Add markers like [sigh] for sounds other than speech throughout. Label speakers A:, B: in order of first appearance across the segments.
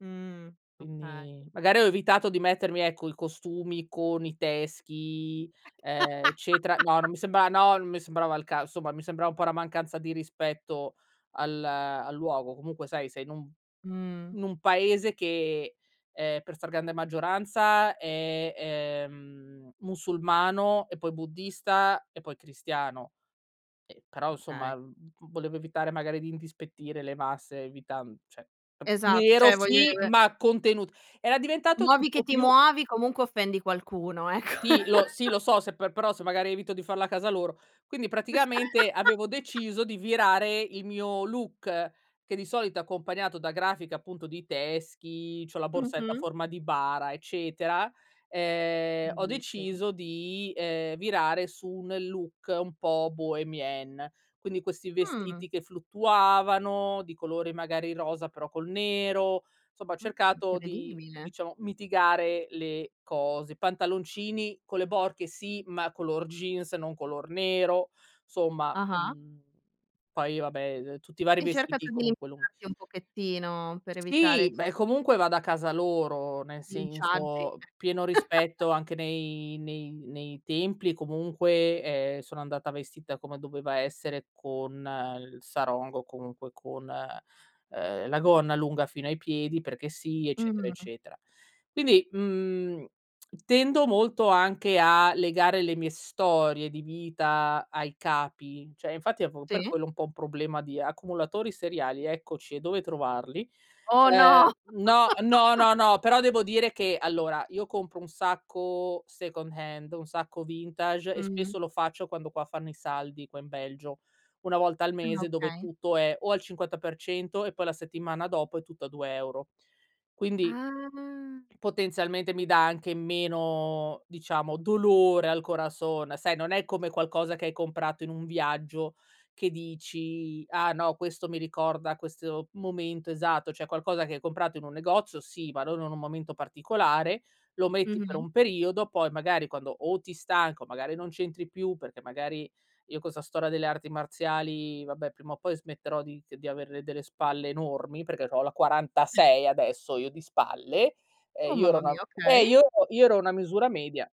A: Mh, okay.
B: Quindi, magari ho evitato di mettermi, ecco, i costumi con i teschi, ehm, eccetera no, non
A: [laughs]
B: mi sembrava no, non mi sembrava il cas insomma mi sembrava un po' una mancanza di rispetto al, ehm, al luogo. Comunque, sai, sei in un
A: Mh.
B: in un paese che, ehm, per stragrande maggioranza è, ehm, musulmano e poi buddista e poi cristiano. Ehm, però,
A: Okay.
B: insomma v volevo evitare magari di indispettire le masse, evitan cioè
A: Esat
B: nero
A: cioè voglio e
B: sì,
A: ve
B: ma contenut era diventato
A: Muovi che
B: tipo
A: ti
B: più
A: muovi, comunque offendi qualcuno, ecco.
B: Sì, lo sì, lo
A: [laughs]
B: so se per però se, magari, evito di farlo a casa loro. Quindi, praticamente, avevo deciso
A: [laughs]
B: di virare il mio look che di solito è accompagnato da grafiche, appunto, di teschi, c'ho la borsetta a
A: Mh-mh.
B: forma di bara, eccetera, ehm, ho
A: Bellissimo.
B: deciso di, ehm, virare su un look un po' bohémien. Quindi questi
A: Mh.
B: vestiti che fluttuavano di colore magari rosa però col nero, insomma ho
A: Mh,
B: cercato di,
A: incredibile.
B: diciamo, mitigare le cose. Pantaloncini con le borchie sì, ma color jeans, non color nero, somma,
A: Ah-ah.
B: mhmm, poi, vabbè, ehm, tutti i vari
A: Hai
B: vestiti
A: cercato di
B: comunque lun
A: [unintelligible] un pochettino per evitare
B: Sì,
A: d
B: beh, comunque vado a casa loro, nel
A: Linciaggi, eh.
B: senso, pieno
A: [laughs]
B: rispetto anche nei nei nei templi e comunque, ehm, sono andata vestita come doveva essere con il sarong o comunque con, ehm, la gonna lunga fino ai piedi perché sì, eccetera,
A: Mh.
B: eccetera. Quindi, mhmm, [smacks lips] tendo molto anche a legare le mie storie di vita ai capi, cioè, infatti avevo per
A: Sì?
B: quello un po' un problema di accumulatori seriali, eccoci, e dove trovarli.
A: Oh,
B: Ehm
A: no!
B: no, no,
A: [laughs]
B: no, no, però devo dire che, allora, io compro un sacco second hand, un sacco vintage e
A: Mh.
B: spesso lo faccio quando qua fanno i saldi qua in Belgio. Una volta al
A: Ah,
B: mese dove
A: okay.
B: tutto è o al 50% e poi la settimana dopo è tutto a 2 € Quindi
A: Ah.
B: potenzialmente mi dà anche meno, diciamo, dolore al corazón, sai, non è come qualcosa che hai comprato in un viaggio che dici: "Ah, no, questo mi ricorda questo momento esatto." Cioè, qualcosa che hai comprato in un negozio, sì, ma non in un momento particolare. Lo metti per
A: Mh-mh.
B: un periodo poi, magari, quando o ti stanca, o, magari, non c'entri più perché, magari io con 'sta storia delle arti marziali vabbè prima o poi smetterò di ch di avere delle spalle enormi perché c'ho la 46 adesso io di spalle, ehm,
A: Oh,
B: io ero
A: mamma
B: una
A: mia,
B: eh
A: okay.
B: io ero io ero una misura media.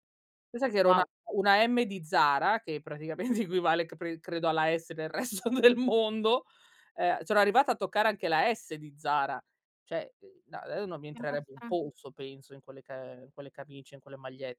B: Pensa che ero una
A: Wow.
B: una M di Zara che praticamente equivale cr p credo alla S nel resto del mondo. Ehm, sono arrivata a toccare anche la S di Zara, cioè, ehm, no e non mi entrerebbe un
A: [unintelligible]
B: polso, penso, in quelle ca ehm, in quelle camicie, in quelle magliette.